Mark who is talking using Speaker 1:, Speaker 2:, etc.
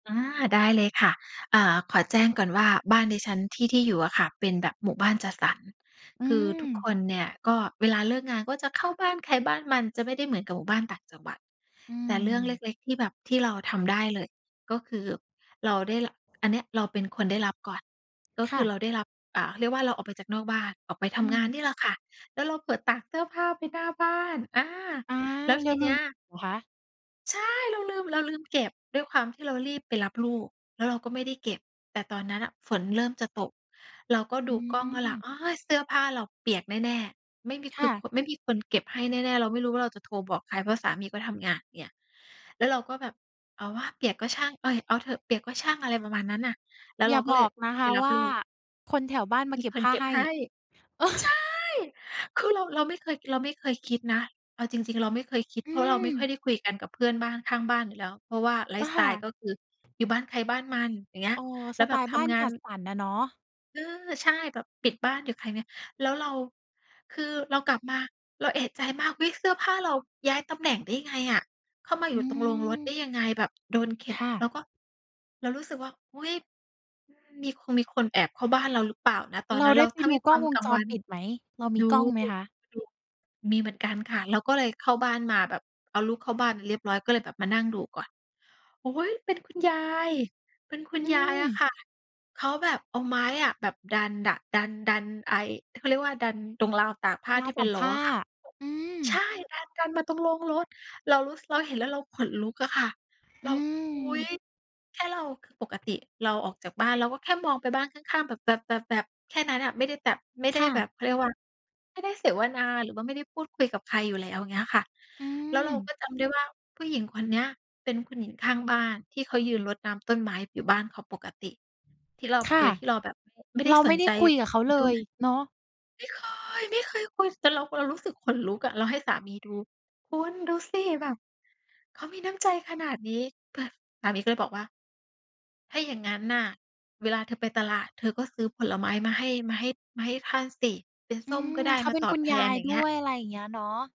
Speaker 1: อา ได้เลยค่ะ อ่า ขอแจ้งก่อนว่าบ้านดิฉันที่ ที่อยู่อะค่ะ เป็นแบบหมู่บ้านจัดสรร
Speaker 2: อื
Speaker 1: คือทุกค
Speaker 2: ม
Speaker 1: นเนี่ย ก็เวลาเลิกงาน ก็จะเข้าบ้านใครบ้านมัน จะไม่ได้เหมือนกับหมู่บ้านต่างจังหวัด
Speaker 2: อื
Speaker 1: แต่เรื่องเ
Speaker 2: ม
Speaker 1: ล็ก ๆ ที่แบบ ที่เราทำได้เลย ก็คือเราได้ ร อันเนี้ยเราเป็นคนได้รับก่อน ก็
Speaker 2: ค
Speaker 1: ค
Speaker 2: ่
Speaker 1: ือ
Speaker 2: ะ
Speaker 1: เราได้รับ อ่า เรียกว่าเราออกไปจากนอกบ้าน ออกไปท
Speaker 2: อื
Speaker 1: ำงาน
Speaker 2: ม
Speaker 1: นี่ล่ะค่ะ แล้วเราเผลอตากเสื้อผ้าไปหน้าบ้าน อา
Speaker 2: อา
Speaker 1: แล้ว
Speaker 2: แล
Speaker 1: ท
Speaker 2: ้
Speaker 1: ี
Speaker 2: วล
Speaker 1: เน
Speaker 2: ื
Speaker 1: ี้
Speaker 2: ม
Speaker 1: ย
Speaker 2: เหรอคะ?
Speaker 1: ใช่ เราลืม เราลืมเก็บ ด้วยความที่เรารีบไปรับลูก แล้วเราก็ไม่ได้เก็บ แต่ตอนนั้นน่ะฝนเริ่มจะตก เราก็
Speaker 2: อ
Speaker 1: ดูกล้องแล้วล่ะ
Speaker 2: ืม
Speaker 1: โอ๊ย เสื้อผ้าเราเปียกแน่ ๆ ไม่มี
Speaker 2: ค
Speaker 1: คื
Speaker 2: ่
Speaker 1: อค
Speaker 2: ะ
Speaker 1: น ไม่มีคนเก็บให้แน่ ๆ เราไม่รู้ว่าเราจะโทรบอกใคร เพราะสามีก็ทำงานเนี่ย แล้วเราก็แบบ เอาวะ เปียกก็ช่าง เอ๊ย เอาเถอะ เปียกก็ช่าง อะไรประมาณนั้นน่ะ แล้ว
Speaker 2: อ
Speaker 1: เ
Speaker 2: ย
Speaker 1: ร
Speaker 2: ่
Speaker 1: า
Speaker 2: า
Speaker 1: ก็
Speaker 2: บ
Speaker 1: เล
Speaker 2: อ
Speaker 1: ย
Speaker 2: กนะค
Speaker 1: ไป
Speaker 2: ะ
Speaker 1: รั
Speaker 2: ว
Speaker 1: บ
Speaker 2: ่า
Speaker 1: ลูก
Speaker 2: คนแถวบ้านมา
Speaker 1: มี
Speaker 2: เก็บ
Speaker 1: ค
Speaker 2: ผ
Speaker 1: น
Speaker 2: ้า
Speaker 1: เก็
Speaker 2: ใ
Speaker 1: บ
Speaker 2: ห้
Speaker 1: ให้ ใช่ คือเรา เราไม่เคย เราไม่เคยคิดนะ เอาจริง ๆ เราไม่เคยคิด
Speaker 2: อ
Speaker 1: เพราะเราไม่ค
Speaker 2: ืม
Speaker 1: ่อยได้คุยกันกับเพื่อนบ้านข้างบ้านอยู่แล้ว เพราะว่าไล
Speaker 2: อ
Speaker 1: ฟ
Speaker 2: ะ
Speaker 1: ์สไ
Speaker 2: ค
Speaker 1: ต
Speaker 2: ่
Speaker 1: ล์
Speaker 2: ะ
Speaker 1: ก็คืออยู่บ้านใครบ้านมัน อย่างเงี้ย
Speaker 2: อ๋อ
Speaker 1: แล
Speaker 2: ส
Speaker 1: ้วแ
Speaker 2: ไต
Speaker 1: บบ
Speaker 2: ล์
Speaker 1: ท
Speaker 2: บ้าน
Speaker 1: ำงา
Speaker 2: จ
Speaker 1: น
Speaker 2: ัดสรรอะเนาะ
Speaker 1: เออ ใช่ แบบปิดบ้านอยู่ภายใน แล้วเรา คือเรากลับมา เราเอะใจมาก อุ๊ย! เสื้อผ้าเราย้ายตำแหน่งได้ยังไงอะ เข้ามา
Speaker 2: อ
Speaker 1: อ
Speaker 2: ื
Speaker 1: ยู่ตรงโรงรถได้
Speaker 2: ม
Speaker 1: ยังไง แบบโดนเข็
Speaker 2: ค
Speaker 1: น
Speaker 2: ่ะ
Speaker 1: เราก็ เรารู้สึกว่า อุ๊ย มี คงมีคนแอบเข้าบ้านเราหรือเปล่านะ ตอน
Speaker 2: เรา
Speaker 1: นั้น
Speaker 2: ไ
Speaker 1: เ
Speaker 2: ด
Speaker 1: ร
Speaker 2: ้
Speaker 1: า
Speaker 2: ไป
Speaker 1: ถ้า
Speaker 2: ดู
Speaker 1: มี
Speaker 2: ก
Speaker 1: ค
Speaker 2: ล้
Speaker 1: ว
Speaker 2: อ
Speaker 1: า
Speaker 2: ง
Speaker 1: ม
Speaker 2: วง
Speaker 1: กลา
Speaker 2: จ
Speaker 1: งว
Speaker 2: ร
Speaker 1: ัน
Speaker 2: ปิดไหม เรามี
Speaker 1: ดู
Speaker 2: กล้องไหมคะ?
Speaker 1: ดู มีเหมือนกันค่ะ เราก็เลยเข้าบ้านมาแบบเอาลูกเข้าบ้านเรียบร้อย ก็เลยแบบมานั่งดูก่อน โอ๊ย เป็นคุณยาย เป็นคุณ
Speaker 2: อื
Speaker 1: ยายอ
Speaker 2: ม
Speaker 1: ะค่ะ เขาแบบเอาไม้อะแบบดันดะ ดัน ดันไอ้ เขาเรียกว่า ดันตรงราวตากผ้า
Speaker 2: รา
Speaker 1: ท
Speaker 2: ว
Speaker 1: ี่เ
Speaker 2: ต
Speaker 1: ป็
Speaker 2: า
Speaker 1: น
Speaker 2: ก
Speaker 1: ล
Speaker 2: ผ
Speaker 1: ้อ
Speaker 2: ้า
Speaker 1: อะค่ะ
Speaker 2: อื
Speaker 1: ใช่
Speaker 2: ม
Speaker 1: ดันกันมาตรงโรงรถ เรารู้ ส เราเห็นแล้วเราขนลุกอะค่ะ
Speaker 2: อ
Speaker 1: เ
Speaker 2: ื
Speaker 1: รา อุ๊ย!
Speaker 2: ม
Speaker 1: แค่เรา คือปกติเราออกจากบ้าน เราก็แค่มองไปบ้านข้าง ๆ แบบ แบบ แบบ แบบแค่นั้นอะ ไม่ได้แบบ ไม่ได
Speaker 2: ค
Speaker 1: ้
Speaker 2: ่
Speaker 1: แบ
Speaker 2: ะ
Speaker 1: บ เขาเรียกว่า ไม่ได้เสวนาหรือว่าไม่ได้พูดคุยกับใครอยู่แล้วอย่างเงี้ยค่ะ
Speaker 2: อื
Speaker 1: แล้วเราก
Speaker 2: ม
Speaker 1: ็จำได้ว่าผู้หญิงคนเนี้ยเป็นคุณหญิงข้างบ้านที่เขายืนรดน้ำต้นไม้อยู่บ้านเขาปกติ ที่เรา
Speaker 2: ค
Speaker 1: โ
Speaker 2: ่
Speaker 1: ด
Speaker 2: ะ
Speaker 1: ยที่เราแบบไม่ ไม่ได
Speaker 2: เร
Speaker 1: ้
Speaker 2: า
Speaker 1: ส
Speaker 2: ไม่
Speaker 1: น
Speaker 2: ได
Speaker 1: ใ
Speaker 2: ้
Speaker 1: จ
Speaker 2: คุยกับเขา
Speaker 1: ไป
Speaker 2: เล
Speaker 1: ด้ว
Speaker 2: ย
Speaker 1: ย
Speaker 2: เนาะ
Speaker 1: ไม่เคย ไม่เคยคุย แต่เรา เรารู้สึกขนลุกอะ เราให้สามีดู คุณดูสิ แบบเขามีน้ำใจขนาดนี้แบบ สามีก็เลยบอกว่า "ถ้าอย่างงั้นน่ะ เวลาเธอไปตลาดเธอก็ซื้อผลไม้มาให้ มาให้ มาให้ท่านสิ เป็น
Speaker 2: อื
Speaker 1: ส้ม
Speaker 2: ม
Speaker 1: ก็ได้
Speaker 2: เขา
Speaker 1: มา
Speaker 2: เป็น
Speaker 1: ตอ
Speaker 2: คุ
Speaker 1: บ
Speaker 2: ณ
Speaker 1: แท
Speaker 2: ยา
Speaker 1: น"
Speaker 2: ย
Speaker 1: อย่า
Speaker 2: ด
Speaker 1: ง
Speaker 2: ้
Speaker 1: เงี้
Speaker 2: ว
Speaker 1: ย
Speaker 2: ย อะไรอย่างเงี้ยเนาะ